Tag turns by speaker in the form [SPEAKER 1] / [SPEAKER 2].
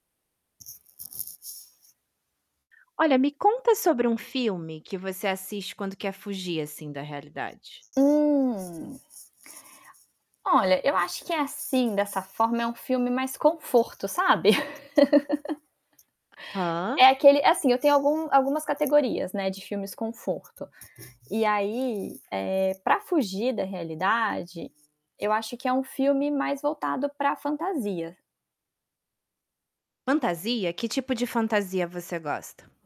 [SPEAKER 1] Olha, me conta sobre um filme que você assiste quando quer fugir assim da realidade.
[SPEAKER 2] Hum. Olha, eu acho que é assim, dessa forma, é um filme mais conforto, sabe? É
[SPEAKER 1] Aham.
[SPEAKER 2] aquele é, assim, eu tenho algum algumas categorias, né, de filmes conforto. E aí, eh, para fugir da realidade, eu acho que é um filme mais voltado para fantasia.
[SPEAKER 1] Fantasia? Que tipo de fantasia você gosta?